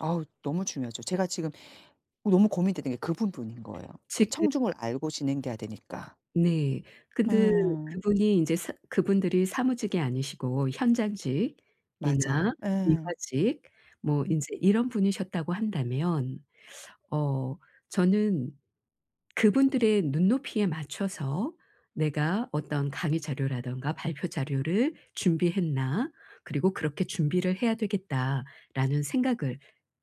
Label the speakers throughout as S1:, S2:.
S1: 아우. 너무 중요하죠. 제가 지금 너무 고민되는 게 그 부분인 거예요. 그
S2: 지금
S1: 청중을 알고 진행되야 되니까.
S2: 네. 근데
S1: 음.
S2: 그분이 인제 사 그분들이 사무직이 아니시고 현장직이나
S1: 맞아. 예.
S2: 미화직 뭐
S1: 음.
S2: 인제 이런 분이셨다고 한다면 어 저는 '그분들의 눈높이에 맞춰서 내가 어떤 강의 자료라든가 발표 자료를 준비했나? 그리고 그렇게 준비를 해야 되겠다.'라는 생각을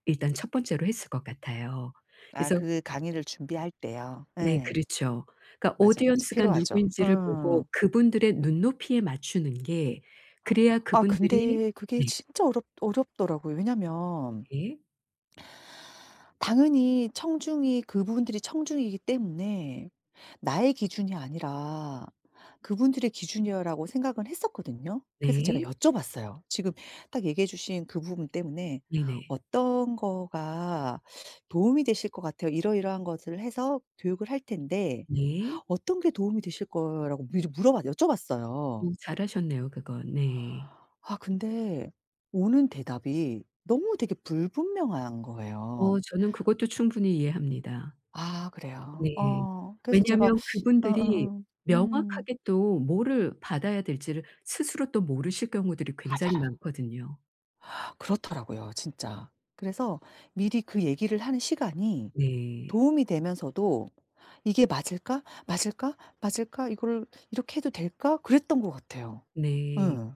S2: 일단 첫 번째로 했을 것 같아요.
S1: 아
S2: 그래서
S1: 그 강의를 준비할 때요.
S2: 네.
S1: 예.
S2: 그렇죠. 그러니까
S1: 맞아, 맞아.
S2: audience 가
S1: 필요하죠.
S2: 누구인지를
S1: 응.
S2: 보고 그분들의 눈높이에 맞추는 게. 그래야
S1: 아
S2: 그분들이
S1: 근데 그게
S2: 네.
S1: 진짜 어렵 어렵더라고요. 왜냐하면
S2: 예.
S1: 당연히 청중이 그분들이 청중이기 때문에 '나의 기준이 아니라 그분들의 기준이요.'라고 생각은 했었거든요. 그래서 제가
S2: 네.
S1: 여쭤봤어요. 지금 딱 얘기해 주신 그 부분 때문에
S2: 네네.
S1: "어떤 거가 도움이 되실 것 같아요? 이러이러한 것을 해서 교육을 할 텐데
S2: 네.
S1: 어떤 게 도움이 되실 거예요?"라고 미리 물어봤 여쭤봤어요.
S2: 어 잘 하셨네요 그건. 네.
S1: 아 근데 오는 대답이 너무 되게 불분명한 거예요.
S2: 어 저는 그것도 충분히 이해합니다.
S1: 아. 그래요?
S2: 네.
S1: 어. 그래서 제가
S2: 왜냐하면 그분들이
S1: 어어어. 음.
S2: 명확하게 또 뭐를 받아야 될지를 스스로 또 모르실 경우들이 굉장히
S1: 맞아요.
S2: 많거든요.
S1: 그렇더라고요 진짜. 그래서 미리 그 얘기를 하는 시간이
S2: 네.
S1: 도움이 되면서도 '이게 맞을까? 맞을까? 맞을까? 이거를 이렇게 해도 될까?' 그랬던 것 같아요.
S2: 네.
S1: 예.